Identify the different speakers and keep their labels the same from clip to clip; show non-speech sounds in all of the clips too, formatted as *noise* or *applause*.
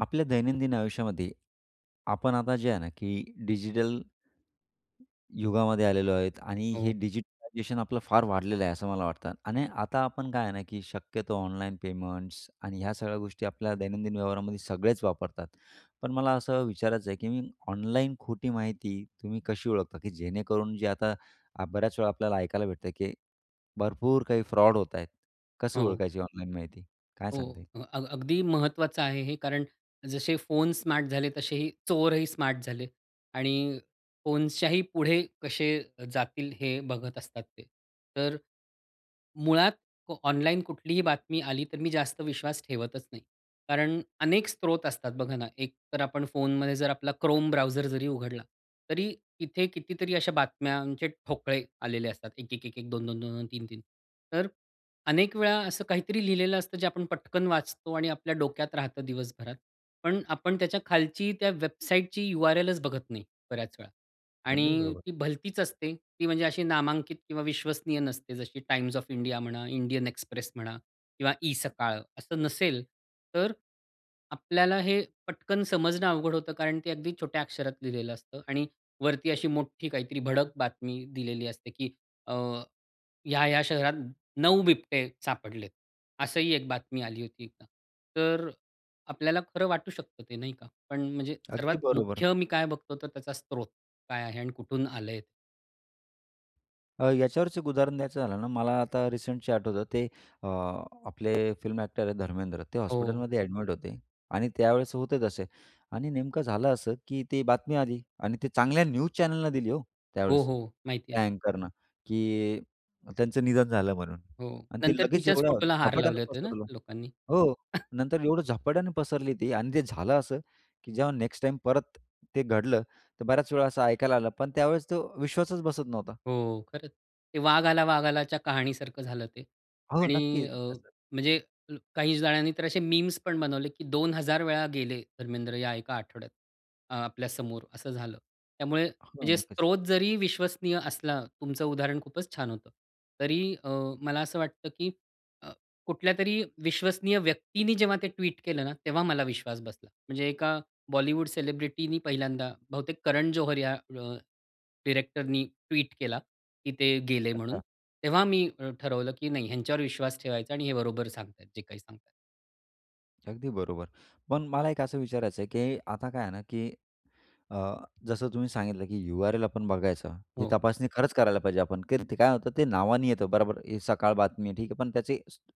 Speaker 1: आपल्या दैनंदिन आयुष्यामध्ये, आपण आता जे आहे ना, की डिजिटल युगामध्ये आलेलो आहेत आणि हे
Speaker 2: हो.
Speaker 1: डिजिटलायझेशन आपलं फार वाढलेलं आहे, असं मला वाटतं आणि आता आपण काय आहे ना, की शक्यतो ऑनलाईन पेमेंट्स आणि ह्या सगळ्या गोष्टी आपल्या दैनंदिन व्यवहारामध्ये सगळेच वापरतात. पण मला असं विचारायचं आहे, की मी ऑनलाईन खोटी माहिती तुम्ही कशी ओळखता? की जेणेकरून जे आता अ, बऱ्याचवेळा आपल्याला ऐकायला भेटतं, की भरपूर काही फ्रॉड होत आहेत, कसं
Speaker 2: हो.
Speaker 1: ओळखायची ऑनलाईन माहिती? काय
Speaker 2: हो,
Speaker 1: सांगता येईल?
Speaker 2: अ, अग् अगदी महत्त्वाचं आहे हे कारण जसे फोन स्मार्ट झाले तसे हे चोरही स्मार्ट झाले आणि फोन्सच्याही पुढे कसे जातील हे बघत असतात ते. तर मुळात को ऑनलाईन कुठलीही बातमी आली तर मी जास्त विश्वास ठेवतच नाही. कारण अनेक स्त्रोत असतात बघा ना, एक तर आपण फोनमध्ये जर आपला Chrome Browser जरी उघडला, तरी तिथे कितीतरी अशा बातम्यांचे ठोकळे आलेले असतात, एक-एक-एक-एक, दोन-दोन-दोन-दोन, तीन-तीन, तर अनेक वेळा असं काहीतरी लिहिलेलं असतं जे आपण पटकन वाचतो आणि आपल्या डोक्यात राहतं दिवसभरात पण आपण त्याच्या खालची त्या वेबसाईटची यू-आर-एलच बघत नाही बऱ्याच वेळा
Speaker 1: अगदी
Speaker 2: आणि
Speaker 1: बरोबर.
Speaker 2: ती भलतीच असते, ती म्हणजे अशी नामांकित किंवा विश्वसनीय नसते जशी Times of India म्हणा, Indian Express म्हणा किंवा eSakal असं नसेल, तर आपल्याला हे पटकन समजणं अवघड होतं कारण ते अगदी छोट्या अक्षरात लिहिलेलं असतं आणि वरती अशी मोठी काहीतरी भडक बातमी दिलेली असते, की अ, "या-या शहरात 9 बिबटे सापडलेत." असंही एक बातमी आली होती एकदा. तर आपल्याला खरं वाटू शकतं ते, नाही का? पण म्हणजे सर्वात
Speaker 1: अगदी बरोबर.
Speaker 2: मुख्य मी काय बघतो तर त्याचा स्त्रोत काय आहे अन् कुठून आलंय.
Speaker 1: अ, याच्यावरचं एक उदाहरण द्यायचं झालं ना, मला आता रिसेंटचे आठवतं ते अ, आपले फिल्म ॲक्टर आहेत धर्मेंद्र. ते
Speaker 2: ओह!
Speaker 1: हॉस्पिटलमध्ये ॲडमिट होते आणि त्यावेळेस होते तसे आणि नेमकं झालं असं, की ती बातमी आली आणि ते चांगल्या न्यूज चॅनलनं दिली हो,
Speaker 2: हो,
Speaker 1: त्यावेळेस.
Speaker 2: हो माहिती आहे.
Speaker 1: त्या अँकरनं की त्यांचं निधन झालं म्हणून
Speaker 2: हो,
Speaker 1: आणि ते
Speaker 2: नंतर
Speaker 1: लगेच
Speaker 2: तिच्याच
Speaker 1: एवढ्या
Speaker 2: फोटोला हार
Speaker 1: झपाट्यानं
Speaker 2: लावले होते ना,
Speaker 1: पसरल,
Speaker 2: लोकांनी.
Speaker 1: हो.
Speaker 2: *chuckles*
Speaker 1: नंतर एवढं झपाट्यानं पसरली ती आणि ते झालं असं की जेव्हा नेक्स्ट टाईम परत ते घडलं, तर बऱ्याच वेळा असं ऐकायला आलं. पण त्यावेळेस तो विश्वासच बसत नव्हता.
Speaker 2: हो, खरंच. ते वाघ आला, वाघ आलाच्या कहाणीसारखं झालं ते
Speaker 1: हो,
Speaker 2: आणि
Speaker 1: नक्कीच.
Speaker 2: अ, म्हणजे ज काही जणांनी तर असे मीम्स पण बनवले की 2000 वेळा गेले धर्मेंद्र, या एका आठवड्यात, आपल्या समोर असं झालं. त्यामुळे,
Speaker 1: हो,
Speaker 2: म्हणजे
Speaker 1: नक्कीच.
Speaker 2: स्रोत जरी विश्वसनीय असला तुमचं उदाहरण खूपच छान होतं तरी अं, मला असं वाटतं, की अं कुठल्यातरी विश्वसनीय व्यक्तींनी जेव्हा ते ट्वीट केलं ना, तेव्हा मला विश्वास बसला. म्हणजे एका बॉलीवुड सेलिब्रिटी ने पहिल्यांदा बहुतेक करण जोहर या *unintelligible* डायरेक्टर ने ट्वीट केला, की ते गेले म्हणून.
Speaker 1: अच्छा.
Speaker 2: तेव्हा मी अ, ठरवलं की नाही ह्यांच्यावर विश्वास ठेवायचा आणि हे बरोबर सांगतायत जे काही सांगत आहेत.
Speaker 1: अगदी बरोबर. पण मला एक असं विचारायचं आहे, की आता काय आहे ना, की अ, जसं तुम्ही सांगितलं, की यू-आर-एल आपण बघायचं. ही
Speaker 2: हो.
Speaker 1: तपासणी खरंच करायला पाहिजे आपण कारण ते काय होतं, ते नावानी येतं, बरोबर हे सकाळ बातमी, ठीक आहे. पण त्याचे *unintelligible*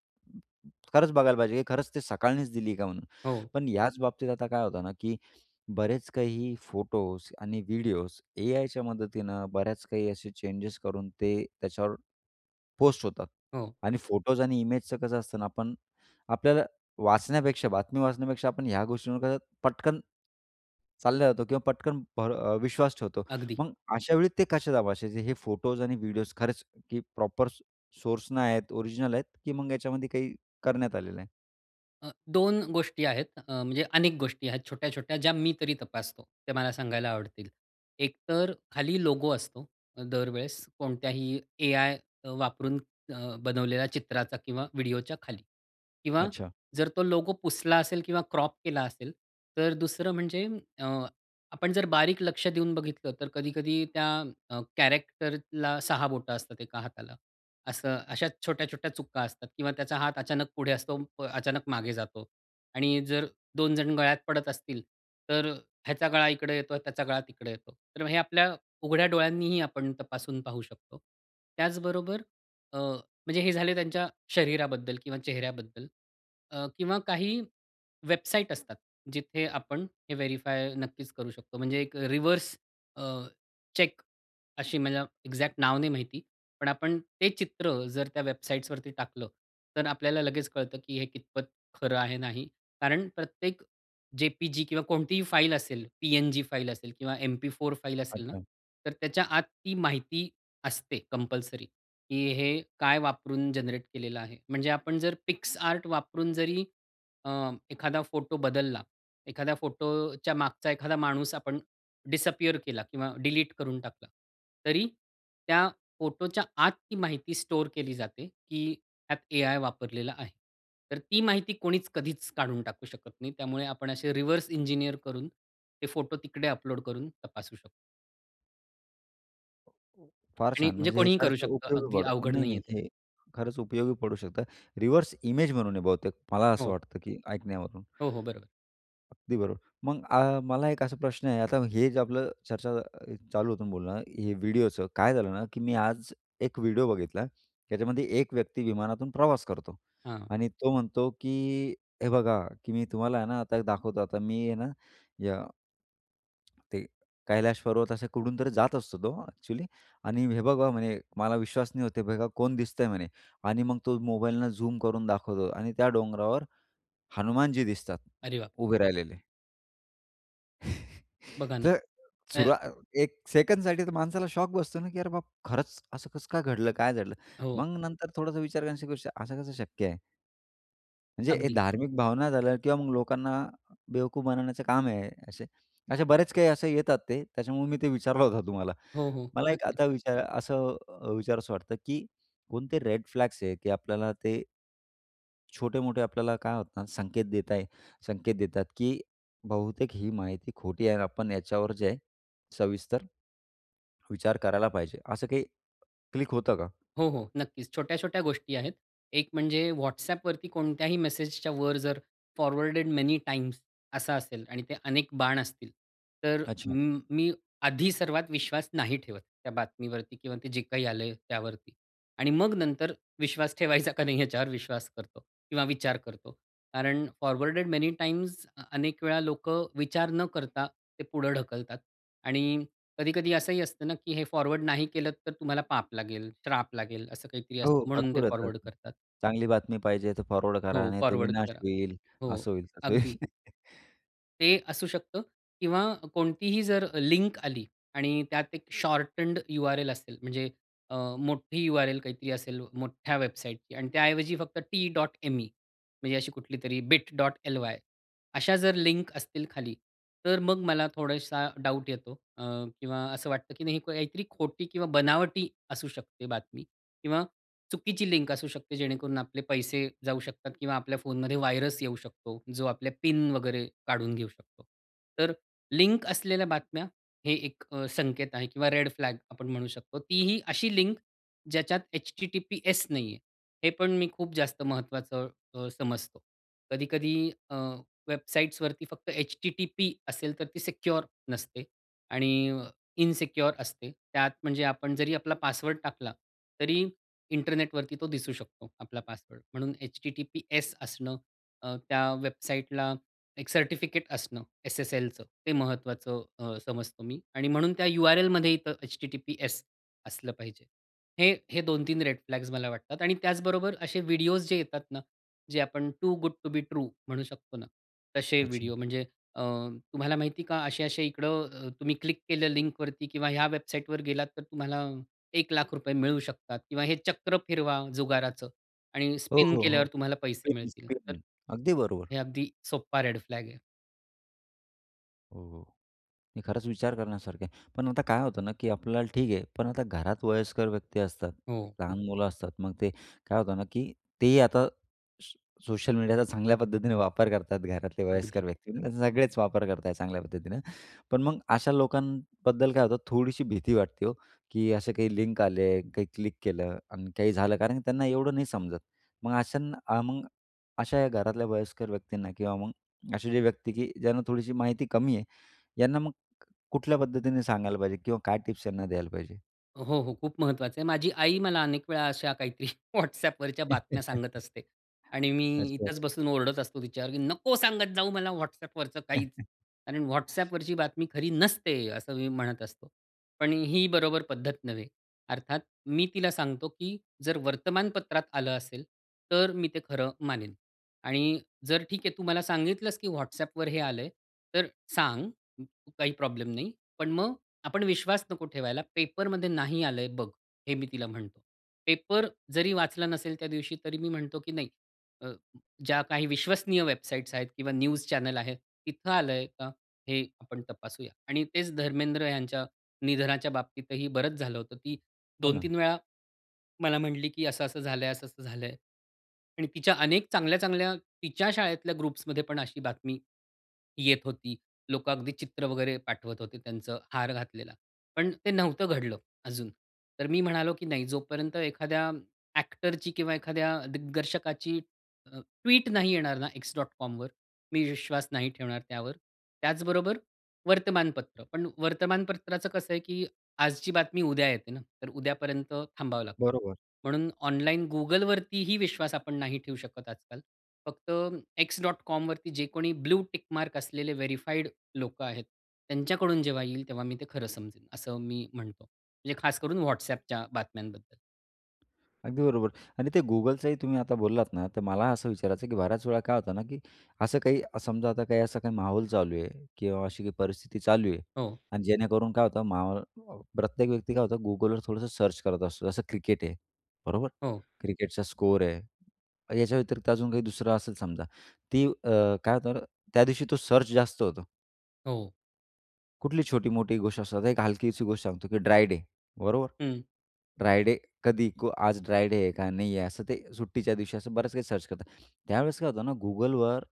Speaker 1: खरंच बघायला पाहिजे, की खरंच ते सकाळनीच दिली का म्हणून.
Speaker 2: हो.
Speaker 1: पण याच बाबतीत आता काय होतं ना, की बरेच काही फोटोज आणि व्हिडिओज, एआयच्या मदतीनं बऱ्याच काही असे चेंजेस करून ते त्याच्यावर पोस्ट होतात
Speaker 2: हो.
Speaker 1: आणि फोटोज आणि इमेजचं कसं असतं ना आपण आपल्याला वाचण्यापेक्षा, बातमी वाचण्यापेक्षा, आपण ह्या गोष्टींवर कसं पटकन चालल्या जातो, किंवा पटकन भरव विश्वास ठेवतो.
Speaker 2: अगदी.
Speaker 1: मग अशा वेळी ते कसे तपासायचे, हे फोटोज आणि व्हिडिओज खरंच, की प्रॉपर सो सोर्सनं आहेत, ओरिजिनल आहेत, की मग याच्यामध्ये काही करण्यात आलेलं आहे?
Speaker 2: अ, 2 गोष्टी आहेत. अ, म्हणजे अनेक गोष्टी आहेत, छोट्या-छोट्या, ज्या मी तरी तपासतो, त्या मला सांगायला आवडतील. एक तर खाली लोगो असतो. दरवेळेस कोणत्याही एआय अ, वापरून अ, बनवलेला चित्राचा किंवा व्हिडिओच्या खाली. किंवा
Speaker 1: अच्छा.
Speaker 2: जर तो लोगो पुसला असेल किंवा क्रॉप केला असेल, तर दुसरं म्हणजे अ, आपण जर बारीक लक्ष देऊन बघितलं, तर कधी-कधी त्या अ, कॅरेक्टरला 6 बोटं असतात एका हाताला. असं अशा छोट्या-छोट्या चुका असतात किंवा त्याचा हात अचानक पुढे असतो, अचानक मागे जातो आणि जर 2 जण गळ्यात पडत असतील तर ह्याचा गळा इकडे येतो, त्याचा गळा तिकडे येतो. तर हे आपल्या उघड्या डोळ्यांनीही आपण तपासून पाहू शकतो. त्याचबरोबर अ, म्हणजे हे झाले त्यांच्या शरीराबद्दल किंवा चेहऱ्याबद्दल. अ, किंवा काही वेबसाईट असतात, जिथे आपण हे व्हेरिफाय नक्कीच करू शकतो. म्हणजे एक रिव्हर्स अ, चेक अशी मला एक्झॅक्ट नाव नाही माहिती पण आपण ते चित्र जर त्या वेबसाईट्सवरती टाकलं तर आपल्याला लगेच कळतं, की हे कितपत खरं आहे, नाही. कारण प्रत्येक जे-पी-जी किंवा कोणतीही फाइल असेल, पी-एन-जी फाइल असेल किंवा एम-पी-फोर फाइल असेल ना,
Speaker 1: अच्छा.
Speaker 2: तर त्याच्या आत ती माहिती असते कंपल्सरी, की हे काय वापरून जनरेट केलेलं आहे. म्हणजे आपण जर PicsArt वापरून जरी अ, एखादा फोटो बदलला, एखादा फोटोच्या मागचा एखादा माणूस आपण डिसअपियर केला किंवा डिलीट करून टाकला, तरी त्या फोटोच्या आत ती माहिती स्टोअर केली जाते, की त्यात एआय वापरलेला आहे. तर ती माहिती कोणीच कधीच काढून टाकू शकत नाही, त्यामुळे आपण असे रिव्हर्स इंजिनिअर करून ते फोटो तिकडे अपलोड करून तपासू शकतो.
Speaker 1: हं. फार
Speaker 2: आणि
Speaker 1: छान
Speaker 2: म्हणजे
Speaker 1: म्हणजे हे
Speaker 2: कोणीही
Speaker 1: खरच
Speaker 2: करू शकतं
Speaker 1: उपयोगी
Speaker 2: अगदी
Speaker 1: पडल
Speaker 2: अवघड
Speaker 1: नाही,
Speaker 2: नाहीये
Speaker 1: नाही
Speaker 2: ते.
Speaker 1: हे खरंच उपयोगी पडू शकतं. रिव्हर्स इमेज म्हणून आहे बहुतेक मला असं
Speaker 2: हो.
Speaker 1: वाटतं की ऐकण्यावरून.
Speaker 2: हो, हो. बरोबर.
Speaker 1: अगदी बरोबर. मग अ, मला एक असा प्रश्न आहे. आता हे जे आपलं चर्चा चालू होतं बोलणं, हे व्हिडिओचं काय झालं ना, की मी आज एक व्हिडिओ बघितला. त्याच्यामध्ये एक व्यक्ती विमानातून प्रवास करतो
Speaker 2: हां.
Speaker 1: आणि तो म्हणतो की हे बघा, की मी तुम्हाला आहे ना, आता एक दाखवतो. आता मी आहे ना या ते कैलाश पर्वत असे कुठून तरी जात असतो, तो एक्चुअली आणि हे बघा, म्हणे, "मला विश्वास नाही होत आहे, बघा कोण दिसतंय" म्हणे. आणि मग तो मोबाईलन झूम करून दाखवतो आणि त्या डोंगरावर हनुमान जी दिसतात
Speaker 2: अरे बाप!
Speaker 1: उभे राहिलेले. *chuckles*
Speaker 2: बघा ना.
Speaker 1: तर
Speaker 2: अय
Speaker 1: सुरा अ, 1 सेकंडसाठी तर माणसाला शॉक बसतो ना की अरे बाबा, खरंच असं कसं काय घडलं? काय झालं?
Speaker 2: हो.
Speaker 1: मग नंतर थोडासा विचार करू *unintelligible* कसं शक्य आहे? म्हणजे हे
Speaker 2: अगदी.
Speaker 1: धार्मिक भावना झाल्या किंवा मग लोकांना बेवकूफ बनवण्याचं काम आहे हे असे. असे बरेच काही असे येतात, ते त्याच्यामुळे मी ते विचारला होत तुम्हाला.
Speaker 2: हो, हो.
Speaker 1: मला एक
Speaker 2: नक्कीच.
Speaker 1: आता विचार असं अ, विचारावसं वाटतं की, कोणते रेड फ्लॅग्स आहेत की आपल्याला ते छोटे-मोठे, आपल्याला काय होतं ना, संकेत देताय, संकेत देतात, की बहुतेक ही माहिती खोटी आहे आणि आपण याच्यावर जे आहे सविस्तर विचार करायला पाहिजे, असं काही क्लिक होतं का?
Speaker 2: हो, हो, नक्कीच. छोट्या-छोट्या गोष्टी आहेत. एक म्हणजे WhatsApp वरती कोणत्याही मेसेजच्या वर जर फॉरवर्डेड मेनी टाइम्स असं असेल आणि ते अनेक बाण असतील, तर
Speaker 1: अच्छा.
Speaker 2: म मी आधी सर्वात विश्वास नाही ठेवत त्या बातमीवरती किंवा ते जे काही आलंय त्यावरती आणि मग नंतर विश्वास ठेवायचा का नाही? याच्यावर विश्वास करतो किंवा विचार करतो. कारण फॉरवर्डेड मेनी टाइम्स, अनेक वेळा लोकं विचार न करता ते पुढं ढकलतात आणि कधी-कधी असंही असतं ना की हे फॉरवर्ड नाही केलंत, तर तुम्हाला पाप लागेल, श्राप लागेल, असं काहीतरी
Speaker 1: हो,
Speaker 2: असतं, म्हणून ते
Speaker 1: भरपूर होता.
Speaker 2: फॉरवर्ड करतात.
Speaker 1: चांगली बातमी पाहिजे तर फॉरवर्ड करा
Speaker 2: हो
Speaker 1: नाहीतर
Speaker 2: फॉरवर्ड
Speaker 1: विनाश
Speaker 2: करा.
Speaker 1: होईल
Speaker 2: हो
Speaker 1: असं होईल, तसं होईल.
Speaker 2: अगदी.
Speaker 1: *chuckles*
Speaker 2: ते असू शकतं किंवा कोणतीही जर लिंक आली आणि त्यात एक शॉर्टन्ड U-R-L असेल, म्हणजे अ, मोठी U-R-L काहीतरी असेल, मोठ्या वेबसाईटची आणि त्याऐवजी फक्त T.ME म्हणजे अशी कुठली तरी Bit.ly अशा जर लिंक असतील खाली, तर मग मला थोडासा डाऊट येतो अ, किंवा असं वाटतं की नाही काहीतरी खोटी किंवा बनावटी असू शकते बातमी किंवा चुकीची लिंक असू शकते. जेणेकरून आपले पैसे जाऊ शकतात किंवा आपल्या फोनमध्ये व्हायरस येऊ शकतो, जो आपल्या पिन वगैरे काढून घेऊ शकतो. तर लिंक असलेल्या बातम्या, हे एक संकेत आहे किंवा रेड फ्लॅग्स आपण म्हणू शकतो. ती ही अशी लिंक ज्याच्यात H-T-T-P-S नाही आहे, हे पण मी खूप जास्त महत्त्वाचं अ, समजतो. कधी-कधी अ, वेबसाइट्सवरती फक्त H-T-T-P असेल, तर ती सिक्युअर नसते आणि अ, इनसिक्युअर असते त्यात, म्हणजे आपण जरी आपला पासवर्ड टाकला, तरी इंटरनेटवरती तो दिसू शकतो. आपला पासवर्ड, म्हणून H-T-T-P-S असणं, अ, त्या वेबसाईटला एक सर्टिफिकेट असणं, S-S-Lचं ते महत्त्वाचं अ, समजतो मी आणि म्हणून त्या U-R-Lमध्ये इथं H-T-T-P-S असलं पाहिजे. हे हे 2-3 रेड फ्लॅग्स मला वाटतात आणि त्याचबरोबर असे व्हिडिओस जे येतात ना, जे आपण too good to be true म्हणू शकतो ना, तसे
Speaker 1: अच्छा.
Speaker 2: व्हिडिओ, म्हणजे अ, तुम्हाला माहिती आहे का असे-असे इकडं, तुम्ही क्लिक केलं लिंकवरती किंवा ह्या वेबसाईटवर गेलात, तर तुम्हाला ₹100,000 मिळू शकतात किंवा हे चक्र फिरवा, जुगाराचं आणि
Speaker 1: हो,
Speaker 2: स्पिन
Speaker 1: हो, हो.
Speaker 2: केल्यावर तुम्हाला पैसे
Speaker 1: सेम,
Speaker 2: मिळतील. तर
Speaker 1: सेम अगदी बरोबर.
Speaker 2: हे अगदी सोप्पा रेड फ्लॅग आहे.
Speaker 1: हो, हो मी खरंच विचार करण्यासारखं आहे. पण आता काय होतं ना की आपल्याला ठीक आहे, पण आता घरात वयस्कर व्यक्ती असतात,
Speaker 2: हो.
Speaker 1: लहान मुलं असतात, मग ते काय होतं ना, की तेही आता सो सोशल मीडियाचा चांगल्या पद्धतीने वापर करतात घरातले
Speaker 2: अगदी.
Speaker 1: वयस्कर व्यक्ती, त्याचे सगळेच वापर करत आहेत चांगल्या पद्धतीनं. पण मग अशा लोकांबद्दल काय होतं थोडीशी भीती वाटते हो की असे काही लिंक आले, काही क्लिक केलं अन् काही झालं, कारण की त्यांना एवढं नाही समजत. मग अशांना मग अशा ह्या घरातल्या वयस्कर व्यक्तींना किंवा मग असे जे व्यक्ती की ज्यांना थोडीशी माहिती कमी आहे, यांना मग कुठल्या पद्धतीने सांगायला पाहिजे किंवा काय टिप्स त्यांना द्यायला पाहिजे?
Speaker 2: हो, हो खूप महत्त्वाचं आहे. माझी आई मला अनेक वेळा अशा काहीतरी *chuckles* WhatsAppवरच्या बातम्या सांगत
Speaker 1: *chuckles*
Speaker 2: असते आणि मी
Speaker 1: अच्छा.
Speaker 2: इथेच बसून ओरडत असतो तिच्यावर, नको सांगत जाऊ मला WhatsApp वरचं काहीच.
Speaker 1: *chuckles*
Speaker 2: कारण WhatsApp वरची बातमी खरी नसते, असं मी म्हणत असतो. पण ही बरोबर पद्धत नव्हे, अर्थात मी तिला सांगतो, "की जर वर्तमानपत्रात आलं असेल तर मी ते खरं मानेन. आणि जर ठीक आहे तू मला सांगितलंस की WhatsAppवर हे आलंय, तर सांग काही प्रॉब्लेम नाही. पण मग आपण विश्वास नको ठेवायला, पेपरमध्ये नाही आलंय बघ." हे मी तिला म्हणतो. पेपर जरी वाचला नसेल त्या दिवशी तरी मी म्हणतो की नाही अ, ज्या काही विश्वसनीय वेबसाइट्स आहेत किंवा न्यूज चॅनल आहेत तिथं आलंय का? हे आपण तपासूया आणि तेच धर्मेंद्र यांच्या निधनाच्या बाबतीतही बरंच झालं होतं, की
Speaker 1: हो
Speaker 2: दोन
Speaker 1: ना.
Speaker 2: तीन वेळा मला म्हटली की असं-असं झालंय, असं-असं झालंय. आणि तिच्या अनेक चांगल्या-चांगल्या तिच्या शाळेतल्या ग्रुप्समध्ये पण अशी बातमी येत होती. लोकं अगदी चित्र वगैरे पाठवत होते त्यांचं हार घातलेला, पण ते नव्हतं घडलं अजून. तर मी म्हणालो, की "नाही जोपर्यंत एखाद्या एक्टरची किंवा एखाद्या दिग्दर्शकाची अ, ट्वीट नाही येणार ना, x.comवर मी विश्वास नाही ठेवणार त्यावर." त्याचबरोबर वर्तमानपत्र पण वर्तमानपत्राचं कसं आहे की आजची बातमी उद्या येते ना, तर उद्यापर्यंत थांबावं लागतं.
Speaker 1: बरोबर.
Speaker 2: म्हणून ऑनलाईन Googleवरती ही विश्वास आपण नाही ठेवू शकत आजकाल. फक्त x.comवरती जे कोणी ब्लू टिक मार्क असलेले वेरिफाइड लोकं आहेत, त्यांच्याकडून जेव्हा येईल तेव्हा मी ते खरं समजेल असं मी म्हणतो, म्हणजे खास करून WhatsAppच्या बातम्यांबद्दल.
Speaker 1: अगदी बरोबर आणि ते Googleचंही तुम्ही आता बोललात ना तर मला असं विचारायचं आहे, की बऱ्याच वेळा काय होतं ना, की असं काही समजा आता काही असा काही माहोल चालू आहे किंवा अशी काही परिस्थिती चालू आहे
Speaker 2: हो.
Speaker 1: आणि जेणेकरून काय होतं माहो अ, प्रत्येक व्यक्ती काय होतं, Googleवर थोडंसं सर्च करत असतो. जसं क्रिकेट आहे. बरोबर.
Speaker 2: हो.
Speaker 1: क्रिकेटचा स्कोअर आहे, याच्या व्यतिरिक्त अजून काही दुसरं असेल समजा ती अ, काय होतं ना? त्यादिवशी तो सर्च जास्त होतो.
Speaker 2: हो.
Speaker 1: कुठली छोटी-मोठी गोष्ट असतात. एक हलकीशी गोष्ट सांगतो की ड्राय डे. बरोबर.
Speaker 2: हं.
Speaker 1: ड्राय डे कधी को आज ड्राय डे आहे का? नाही आहे? असं ते सुट्टीच्या दिवशी असं बऱ्याच काही सर्च करतात. त्यावेळेस काय होतं ना Googleवर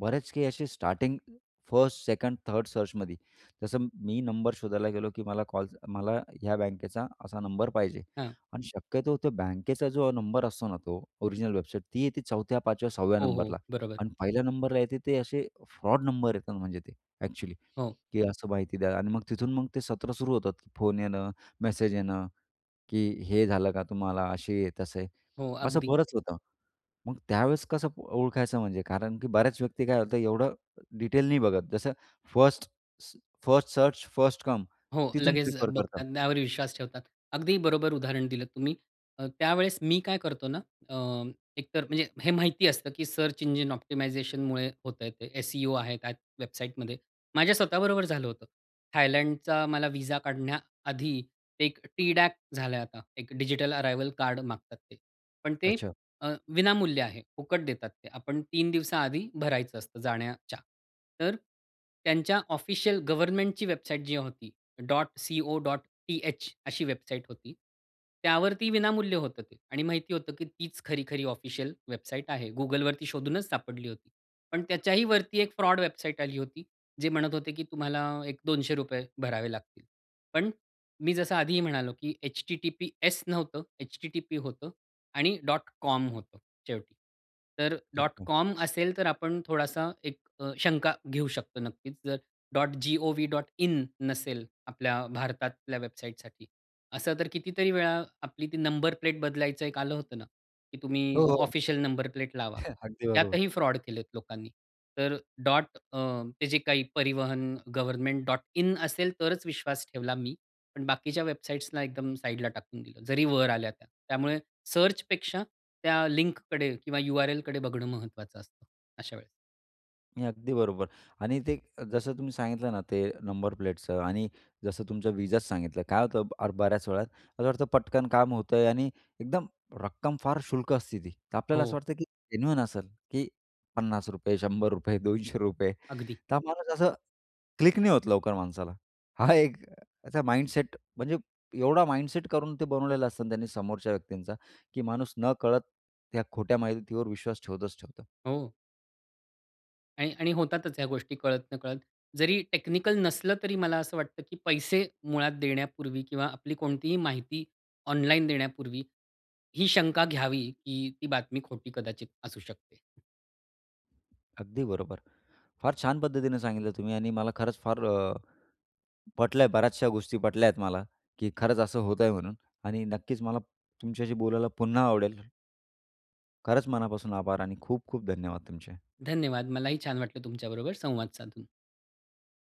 Speaker 1: बरेच काही असे स्टार्टिंग फर्स्ट, सेकंड, थर्ड सर्चमध्ये, जसं मी नंबर शोधायला गेलो की मला कॉल मला ह्या बँकेचा असा नंबर पाहिजे
Speaker 2: हां.
Speaker 1: आणि शक्यतो त्या बँकेचा जो नंबर असतो ना तो ओरिजिनल वेबसाईट ती येते 4थ्या, 5व्या, 6व्या
Speaker 2: हो,
Speaker 1: नंबरला
Speaker 2: हो, बरोबर.
Speaker 1: अन् 1ल्या नंबरला येते ते असे फ्रॉड नंबर येतात म्हणजे ते ॲक्चुअली,
Speaker 2: हो.
Speaker 1: की असं माहिती द्या अन् मग तिथून मग ते सत्र सुरू होतात की फोन येणं, मेसेज येणं की हे झालं का तुम्हाला? असेही-तसेही
Speaker 2: हो,
Speaker 1: असं
Speaker 2: अगदी.
Speaker 1: बरंच होतं. मग त्यावेळेस कसं ओळखायचं? म्हणजे कारण की बऱ्याच व्यक्ती काय होतं? एवढं डिटेल नाही बघत. जसं फर्स्ट स फर्स्ट सर्च, फर्स्ट कम
Speaker 2: हो,
Speaker 1: तिथून
Speaker 2: लगेच अ,
Speaker 1: प्रिफर करतात.
Speaker 2: बघतात. त्यावर विश्वास ठेवतात. अगदी बरोबर उदाहरण दिलं तुम्ही. अ, त्यावेळेस मी काय करतो ना, अ, एकतर म्हणजे हे माहिती असतं की सर्च इंजिन ऑप्टिमायझेशनमुळे होतंय ते एसईओ आहे त्या वेबसाईटमध्ये. माझ्या स्वतःबरोबर झालं होतं. थायलंडचा मला विझा काढण्याआधी एक टी डॅक झालंय आता. एक डिजिटल अराइवल कार्ड मागतात ते. पण ते
Speaker 1: अच्छा.
Speaker 2: अ, विनामूल्य आहे. फुकट देतात ते. आपण 3 दिवसांआधी भरायचं असतं जाण्याच्या तर त्यांच्या ऑफिशियल गव्हर्नमेंटची वेबसाईट जी होती .co.th अशी वेबसाइट होती. त्यावरती विनामूल्य होतं ते आणि माहिती होतं की तीच खरी-खरी ऑफिशियल वेबसाईट आहे. Googleवरती शोधूनच सापडली होती. पण त्याच्याही वरती एक फ्रॉड वेबसाईट आली होती. जे म्हणत होते की तुम्हाला एक 200 रुपये भरावे लागतील. पण मी जसं आधीही म्हणालो की https नव्हतं http होतं आणि .com होतं शेवटी. तर
Speaker 1: अच्छा.
Speaker 2: .com असेल तर आपण थोडीशी एक अ, शंका घेऊ शकतो. नक्कीच जर .govn.in नसेल आपल्या भारतातल्या वेबसाईटसाठी असं तर कितीतरी वेळा आपली ती नंबर प्लेट बदलायचं एक आलं होतं ना, की तुम्ही
Speaker 1: हो,
Speaker 2: अ,
Speaker 1: हो.
Speaker 2: ऑफिशियल नंबर प्लेट लावा.
Speaker 1: *chuckles* अगदी बरोबर.
Speaker 2: त्यातही फ्रॉड केलेत लोकांनी. तर डॉट अ, ते जे काही परिवहन गव्हर्नमेंट .in असेल तरच विश्वास ठेवला मी. पण बाकीच्या वेबसाइट्सला एकदम साइडला टाकून दिलं. जरी वर आल्या त्या, त्यामुळे सर्चपेक्षा त्या लिंककडे किंवा URL कडे बघणं महत्त्वाचं असतं अशा वेळेस.
Speaker 1: नाही, अगदी बरोबर आणि ते जसं तुम्ही सांगितलं ना, ते नंबर प्लेटचं आणि जसं तुमचं विजाच सांगितलं, काय होतं आर बऱ्याच वेळात असं वाटतं पटकन काम होतंय आणि एकदम रक्कम फार क्षुल्लक असते ती, तर आपल्याला असं
Speaker 2: हो.
Speaker 1: वाटतं, की जेन्युइन असेल, की ₹50 ₹100 ₹200
Speaker 2: अगदी.
Speaker 1: तर माणूस असं क्लिक नाही होत लवकर माणसाला. हा एक त्याचा माइंडसेट म्हणजे एवढा माइंडसेट करून ते बनवलेलं असतं त्यांनी समोरच्या व्यक्तींचा, की माणूस न कळत त्या खोट्या माहितीवर विश्वास ठेवतच ठेवतो.
Speaker 2: हो. आणि आणि होतातच ह्या गोष्टी. कळत नकळत जरी टेक्निकल नसलं, तरी मला असं वाटतं, की पैसे मुळात देण्यापूर्वी किंवा आपली कोणतीही माहिती ऑनलाइन देण्यापूर्वी ही शंका घ्यावी, की ती बातमी खोटी कदाचित असू शकते.
Speaker 1: अगदी बरोबर. फार छान पद्धतीने सांगितलं तुम्ही आणि मला खरंच फार अ, पटल्या. बऱ्याचशा गोष्टी पटल्या आहेत मला, की खरंच असं होतंय म्हणून आणि नक्कीच मला तुमच्याशी बोलायला पुन्हा आवडेल. खरंच मनापासून आभार आणि खूप-खूप धन्यवाद तुमचे.
Speaker 2: धन्यवाद. मलाही छान वाटलं तुमच्याबरोबर संवाद साधून.